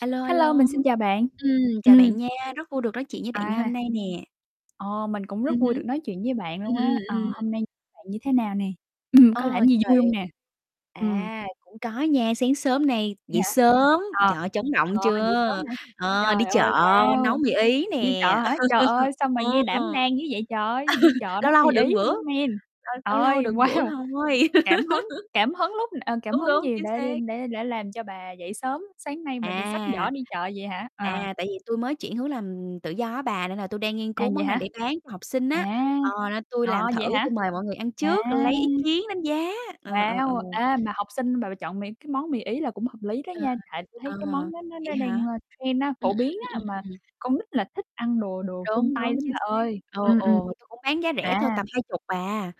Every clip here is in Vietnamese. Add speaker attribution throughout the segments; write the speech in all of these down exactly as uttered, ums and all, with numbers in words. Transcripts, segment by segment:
Speaker 1: A lô, a lô.
Speaker 2: Hello, mình xin chào bạn.
Speaker 1: Ừm, chào bạn
Speaker 2: Ừm.
Speaker 1: nha, rất vui được nói chuyện với bạn ngày hôm
Speaker 2: À.
Speaker 1: nay nè.
Speaker 2: Ờ, mình cũng rất
Speaker 1: Ừm
Speaker 2: vui được
Speaker 1: hứm.
Speaker 2: nói chuyện với bạn
Speaker 1: Ừm,
Speaker 2: luôn á.
Speaker 1: ừm,
Speaker 2: À,
Speaker 1: ừm.
Speaker 2: hôm nay bạn như thế nào nè? Ừm, có
Speaker 1: Ờ,
Speaker 2: làm gì
Speaker 1: trời
Speaker 2: vui hông nè? Ừm.
Speaker 1: à, cũng có nha, sáng sớm nay
Speaker 2: Vậy
Speaker 1: dậy
Speaker 2: hả?
Speaker 1: sớm,
Speaker 2: À,
Speaker 1: trời ơi, chấn
Speaker 2: à,
Speaker 1: động
Speaker 2: dậy
Speaker 1: chưa!
Speaker 2: sớm hả?
Speaker 1: Ờ, đi
Speaker 2: Trời ơi,
Speaker 1: chợ
Speaker 2: wow!
Speaker 1: nấu mì Ý
Speaker 2: Đi chợ
Speaker 1: nè,
Speaker 2: hả? Trời ơi, sao mà nghe
Speaker 1: ừ.
Speaker 2: đảm đang dữ vậy trời! Đi chợ
Speaker 1: Lâu
Speaker 2: nấu
Speaker 1: lâu
Speaker 2: mì
Speaker 1: được
Speaker 2: Ý
Speaker 1: bữa,
Speaker 2: nữa, man.
Speaker 1: à, lâu lâu
Speaker 2: Ơi,
Speaker 1: được bữa
Speaker 2: wow!
Speaker 1: thôi.
Speaker 2: Cảm hứng cảm hứng lúc à, cảm
Speaker 1: Đúng,
Speaker 2: hứng
Speaker 1: đúng,
Speaker 2: gì
Speaker 1: chính
Speaker 2: đã
Speaker 1: xác.
Speaker 2: đên đã đã làm cho bà dậy sớm sáng nay mà đ xách giỏ
Speaker 1: À.
Speaker 2: đi chợ vậy hả? À.
Speaker 1: À, tại vì tui mới chuyển hướng làm tự do á bà nên là tui đang nghiên
Speaker 2: À,
Speaker 1: cứu
Speaker 2: vậy
Speaker 1: món nào
Speaker 2: hả?
Speaker 1: để bán cho học sinh á,
Speaker 2: À!
Speaker 1: ờ, nên tui
Speaker 2: Ờ,
Speaker 1: làm thử,
Speaker 2: vậy hả?
Speaker 1: tôi mời mọi người ăn
Speaker 2: À!
Speaker 1: trước lấy ý kiến đánh giá, ờ, ờ, ờ.
Speaker 2: Wow! Ê, mà học sinh mà bà chọn mì cái món mì Ý là cũng hợp lý đó
Speaker 1: À,
Speaker 2: nha, tại tui
Speaker 1: à,
Speaker 2: thấy cái món đó nó đ
Speaker 1: vậy
Speaker 2: đang,
Speaker 1: hả?
Speaker 2: ơ, trend á,
Speaker 1: Ừm,
Speaker 2: phổ biến
Speaker 1: ừm, ừm,
Speaker 2: á,
Speaker 1: ừm,
Speaker 2: mà
Speaker 1: ừm, ừm.
Speaker 2: con nít là thích ăn đồ đồ phương
Speaker 1: Đúng,
Speaker 2: Tây
Speaker 1: đúng,
Speaker 2: lắm
Speaker 1: chính
Speaker 2: bà
Speaker 1: xác.
Speaker 2: ơi,
Speaker 1: Ờ,
Speaker 2: ừm, ừm.
Speaker 1: ồ, tui cũng bán giá rẻ thôi,
Speaker 2: À!
Speaker 1: tầm hai chục à.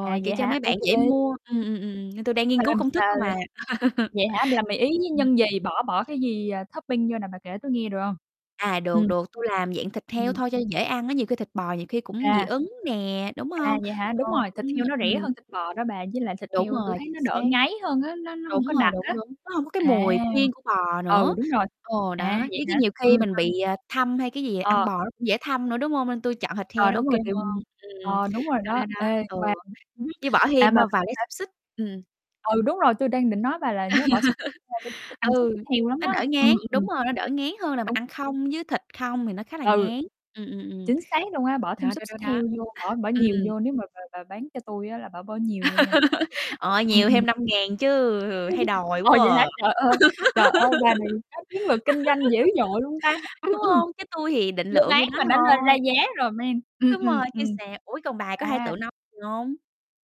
Speaker 2: À,
Speaker 1: kiểu
Speaker 2: vậy
Speaker 1: cho
Speaker 2: hả?
Speaker 1: mấy
Speaker 2: Ô
Speaker 1: bạn
Speaker 2: kê.
Speaker 1: dễ
Speaker 2: [unintelligible]
Speaker 1: mua, ừm, ừm, ừm, nên tui đang nghiên
Speaker 2: Mà
Speaker 1: cứu
Speaker 2: làm s
Speaker 1: công thức
Speaker 2: à.
Speaker 1: thôi mà.
Speaker 2: Vậy hả, mà làm mì Ý
Speaker 1: Ừm,
Speaker 2: với
Speaker 1: ừm.
Speaker 2: nhân gì, bỏ bỏ cái gì, à, topping vô nè, bà kể tôi nghe được hông?
Speaker 1: À, được,
Speaker 2: Ừm.
Speaker 1: được, tui làm dạng thịt heo
Speaker 2: Ừm.
Speaker 1: thôi cho dễ ăn á, nhiều khi thịt bò nhiều khi cũng dị
Speaker 2: À.
Speaker 1: ứng nè, đúng
Speaker 2: À,
Speaker 1: hông?
Speaker 2: vậy hả?
Speaker 1: Ồ,
Speaker 2: Đúng rồi, thịt
Speaker 1: ưm,
Speaker 2: heo nó rẻ
Speaker 1: ừm.
Speaker 2: hơn thịt bò đó bà. Với lại thịt
Speaker 1: Đúng
Speaker 2: heo tui
Speaker 1: rồi,
Speaker 2: thấy
Speaker 1: chính
Speaker 2: nó đỡ
Speaker 1: xác.
Speaker 2: ngấy hơn á, nó nó
Speaker 1: Đúng
Speaker 2: hông có
Speaker 1: rồi,
Speaker 2: đặc
Speaker 1: đúng,
Speaker 2: á.
Speaker 1: đúng, nó hông có cái
Speaker 2: À!
Speaker 1: mùi riêng của bò
Speaker 2: Ừ,
Speaker 1: nữa,
Speaker 2: đúng rồi,
Speaker 1: ờ, đó,
Speaker 2: à, vậy
Speaker 1: với chứ
Speaker 2: hả?
Speaker 1: nhiều khi
Speaker 2: Ừm,
Speaker 1: mình
Speaker 2: à.
Speaker 1: bị, à, thâm hay cái gì ăn
Speaker 2: Ờ.
Speaker 1: bò nó cũng dễ thâm nữa, đúng hông? Nên tôi chọn thịt heo
Speaker 2: Ờ,
Speaker 1: nó ô
Speaker 2: đúng rồi,
Speaker 1: kê
Speaker 2: kiểu
Speaker 1: hơn, ừm,
Speaker 2: ờ, đúng rồi
Speaker 1: đó,
Speaker 2: đó.
Speaker 1: đó, đó,
Speaker 2: Ê,
Speaker 1: ừ,
Speaker 2: qua [unintelligible]
Speaker 1: với bỏ
Speaker 2: à,
Speaker 1: thêm,
Speaker 2: mà
Speaker 1: ơ, vài
Speaker 2: có
Speaker 1: lát
Speaker 2: thể
Speaker 1: xúc xích, ừm.
Speaker 2: Ừ, đúng rồi, tôi đang định nói bà là nhớ bỏ xúc [unintelligible] thích ăn xúc
Speaker 1: Ừ,
Speaker 2: xích heo lắm
Speaker 1: nó
Speaker 2: đó!
Speaker 1: đỡ
Speaker 2: Ừm,
Speaker 1: ngán đúng
Speaker 2: ừm.
Speaker 1: rồi, nó đỡ ngán hơn là mình
Speaker 2: Đúng.
Speaker 1: ăn không với thịt không thì nó khá là
Speaker 2: Ừ.
Speaker 1: ngán, ừm, ừm, ừm.
Speaker 2: Chính xác luôn á, bỏ thêm
Speaker 1: Đó,
Speaker 2: xúc
Speaker 1: đó, đó,
Speaker 2: xích
Speaker 1: đó,
Speaker 2: heo vô, bỏ bỏ nhiều
Speaker 1: ừm.
Speaker 2: vô. Nếu mà bà bà bán cho tui á là bả bỏ nhiều vô nha, tôi thích [unintelligible]
Speaker 1: Ờ,
Speaker 2: ừm,
Speaker 1: nhiều
Speaker 2: ừm.
Speaker 1: thêm năm ngàn chứ, ừ, hay đòi
Speaker 2: Ồ,
Speaker 1: quá
Speaker 2: vậy hả?
Speaker 1: à!
Speaker 2: Trời ơi, trời ơi, bà này có chiến lược kinh doanh dữ dội luôn ta! Ừm,
Speaker 1: Đúng
Speaker 2: ừm.
Speaker 1: hông? Chứ tui thì định
Speaker 2: Chưa
Speaker 1: lượng
Speaker 2: bán
Speaker 1: nhiêu đó
Speaker 2: mà đã lo ra
Speaker 1: thôi.
Speaker 2: giá rồi, man. Ừm,
Speaker 1: Đúng
Speaker 2: ừm,
Speaker 1: rồi, chứ
Speaker 2: ừm.
Speaker 1: sao? Ủa, còn bà có hay tự
Speaker 2: À!
Speaker 1: nấu gì hông?